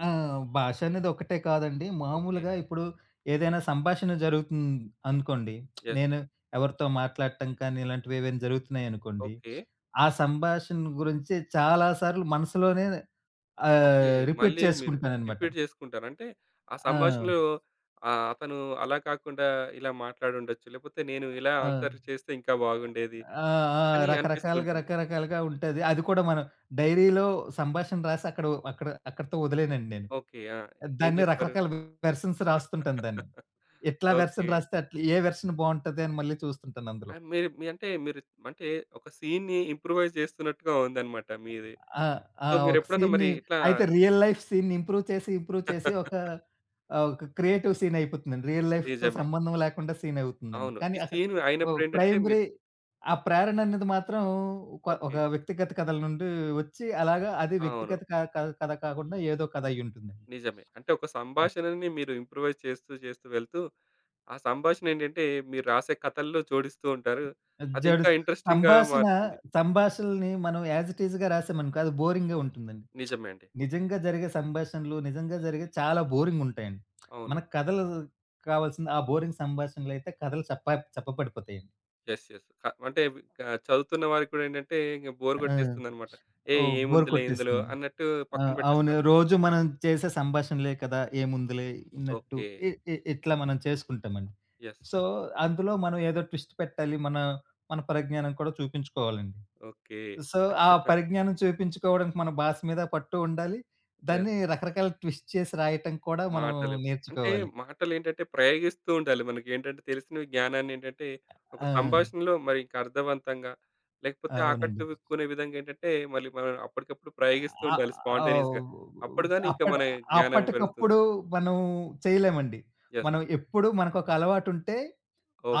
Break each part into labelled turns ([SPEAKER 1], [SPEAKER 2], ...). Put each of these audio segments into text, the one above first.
[SPEAKER 1] ఆ! భాషనేది ఒకటే కాదండి.
[SPEAKER 2] ఓకే.
[SPEAKER 1] మామూలుగా ఇప్పుడు ఏదైనా సంభాషణ జరుగుతుంది అనుకోండి.
[SPEAKER 2] యెస్.
[SPEAKER 1] నేను ఎవరితో మాట్లాడటం కానీ ఇలాంటివేవైనా జరుగుతున్నాయనుకోండి.
[SPEAKER 2] ఓకే.
[SPEAKER 1] ఆ సంభాషణ గురించి చాలా సార్లు మనసులోనే
[SPEAKER 2] ఓకే.
[SPEAKER 1] ఆహ్, రిపీట్
[SPEAKER 2] మళ్ళీ మీరు
[SPEAKER 1] చేసుకుంటాననమాట.
[SPEAKER 2] రిపీట్ చేసుకుంటారు. అంటే, ఆ
[SPEAKER 1] ఆ!
[SPEAKER 2] సంభాషణలో ఆహ్, అతను అలా కాకుండా ఇలా మాట్లాడుండొచ్చు. లేకపోతే, నేను ఇలా
[SPEAKER 1] ఆ!
[SPEAKER 2] ఆన్‌సర్లు చేస్తే ఇంకా బాగుండేది
[SPEAKER 1] ఆ! ఆ!
[SPEAKER 2] అని అనిపిస్తూ
[SPEAKER 1] రకరకాలుగా,
[SPEAKER 2] ఉంటుంది.
[SPEAKER 1] రకరకాలుగా ఉంటది. అది కూడా మనం డైరీలో సంభాషణ రాసి, అక్కడో అక్కడ అక్కడితో వదిలేనండి నేను.
[SPEAKER 2] ఓకే. ఆ! ఏం
[SPEAKER 1] దాన్ని
[SPEAKER 2] చేస్తారు?
[SPEAKER 1] రకరకాల వెర్షన్స్ రాస్తుంటాను దాన్ని. ఎట్లా
[SPEAKER 2] ఓకే.
[SPEAKER 1] వెర్షన్ రాస్తే అట్లా. ఏ వెర్షన్ బావుంటది అని మళ్ళీ చూస్తుంటాను అందులో.
[SPEAKER 2] ఆ! మీరు మీ అంటే మీరు అంటే ఒక సీన్‌ని ఇంప్రూవైజ్ జేస్తున్నట్టుగా ఉందనమాట మీది.
[SPEAKER 1] ఆ! ఆ!
[SPEAKER 2] సో,
[SPEAKER 1] ఒక
[SPEAKER 2] మీరెప్పుడన్నా మరి
[SPEAKER 1] సీన్‌ని
[SPEAKER 2] ఇట్లా
[SPEAKER 1] అయితే, రియల్ లైఫ్ సీన్‌ని ఇంప్రూవ్ చేసి ఇంప్రూవ్ చేసి ఒకా ఆహ్, ఒక క్రియేటివ్ సీనయిపోతుందండి. రియల్ లైఫ్‌తో
[SPEAKER 2] నిజమే.
[SPEAKER 1] సంబంధం లేకుండా సీనవుతుందండి.
[SPEAKER 2] అవును.
[SPEAKER 1] కానీ
[SPEAKER 2] ఈ
[SPEAKER 1] అక్క
[SPEAKER 2] సీన్
[SPEAKER 1] ఒ
[SPEAKER 2] అయినప్పుడేంటంటే మీరు
[SPEAKER 1] ప్రైమరీ ఆ ప్రేరననేది మాత్రం కొ ఒక
[SPEAKER 2] ఓకే.
[SPEAKER 1] వ్యక్తిగత కథల నుండి వచ్చి, అలాగా అది
[SPEAKER 2] అవును.
[SPEAKER 1] వ్యక్తిగత క కథ కాకుండా ఏదో కథైయుంటుందండి.
[SPEAKER 2] నిజమే. అంటే ఒక
[SPEAKER 1] ఆ!
[SPEAKER 2] సంభాషణని మీరు ఇంప్రూవైజ్ చేస్తూ ,చేస్తూ వెళ్తూ ఆ సంభాషణేంటంటే, మీరు రాసే కథల్లో జోడిస్తూ ఉంటారు. అది ఇంకా
[SPEAKER 1] అజ్జడుస్
[SPEAKER 2] ఇంట్రెస్టింగ్‌గా
[SPEAKER 1] సంభాషణా
[SPEAKER 2] మారుతుంది.
[SPEAKER 1] సంభాషణలని మనం యాస్ ఇట్ ఈజ్‌గా రాసామనుకో, అది బోరింగ్‌గా ఉంటుందండి.
[SPEAKER 2] నిజమే అండి.
[SPEAKER 1] నిజంగా జరిగే సంభాషణలు, నిజంగా జరిగేది చాలా బోరింగుంటాయండి.
[SPEAKER 2] అవును.
[SPEAKER 1] మనకు కథలు కావాల్సింది ఆ బోరింగ్ సంభాషణలయితే కథలు చప్ప చప్పబడిపోతాయండి.
[SPEAKER 2] Yes, yes. క అంటే వి ఆహ్, చదువుతున్న వారికి కూడా ఏంటంటే ఇంక
[SPEAKER 1] ఆ!
[SPEAKER 2] బోర్ కొట్టేస్తుందనమాట. ఏ
[SPEAKER 1] ఓహ్! బోర్
[SPEAKER 2] ఏముందిలే ఇందులో
[SPEAKER 1] కొట్టేస్తుంది.
[SPEAKER 2] అన్నట్టు
[SPEAKER 1] ఆ!
[SPEAKER 2] పక్కన
[SPEAKER 1] అవును.
[SPEAKER 2] బెట్టేస్తారు.
[SPEAKER 1] రోజు మనం చేసే సంభాషణలే కదా, ఏముందిలే అన్నట్టు
[SPEAKER 2] ఓకే.
[SPEAKER 1] ఇ ఇ ఇట్లా మనం చేసుకుంటామండి.
[SPEAKER 2] యెస్.
[SPEAKER 1] సో, అందులో మనం ఏదో ట్విస్ట్ పెట్టాలి, మన మన పరిజ్ఞానం కూడా చూపించుకోవాలండి.
[SPEAKER 2] ఓకే.
[SPEAKER 1] సో, ఆ పరిజ్ఞానం చూపించుకోడం మన భాస మీద పట్టూ ఉండాలి,
[SPEAKER 2] యెస్.
[SPEAKER 1] దాన్ని రకరకాల ట్విస్ట్ చేసి రాయటం కూడా మనం
[SPEAKER 2] మాటలు. అంటే
[SPEAKER 1] నేర్చుకోవాలి.
[SPEAKER 2] మాటలేంటంటే ప్రయోగిస్తూ ఉండాలి. మనకేంటంటే తెలిసిన జ్ఞానాన్నేంటంటే, ఒక
[SPEAKER 1] ఆ!
[SPEAKER 2] సంభాషణలో మరి ఇంక అర్థవంతంగా లేకపోతే,
[SPEAKER 1] అవునండి.
[SPEAKER 2] ఆకట్టుకునే విధంగా ఏంటంటే మళ్ళీ మనం అప్పటికప్పుడు ప్రయోగిస్తూ
[SPEAKER 1] ఆ!
[SPEAKER 2] ఉండాలి. స్పాంటేనియస్‌గా.
[SPEAKER 1] అవ్
[SPEAKER 2] అప్పుడు గానీ ఇంక
[SPEAKER 1] అప్పడ్
[SPEAKER 2] మన జ్ఞానం పెరుగుతుంది.
[SPEAKER 1] అప్పటికప్పుడు మనం చేయలేమండి.
[SPEAKER 2] యెస్.
[SPEAKER 1] మనం ఎప్పుడు మనకొక అలవాటుంటే,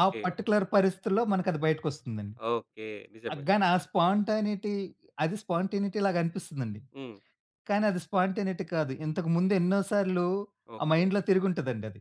[SPEAKER 1] ఆ పార్టిక్యులర్ పరిస్థితుల్లో మనకది బయటికొస్తుందండి.
[SPEAKER 2] ఓకే.
[SPEAKER 1] ఆ!
[SPEAKER 2] నిజమే.
[SPEAKER 1] గాని ఆ స్పాంటనిటీ అది స్పాంటేనిటీ‌ లాగనిపిస్తుందండి.
[SPEAKER 2] హ్మ్.
[SPEAKER 1] కానీ, అది స్పాంటేనిటీ కాదు. ఇంతకు ముందు ఎన్నో సార్లు ఆ
[SPEAKER 2] ఓకే.
[SPEAKER 1] మైండ్‌లో తిరుగుంటదండి అది.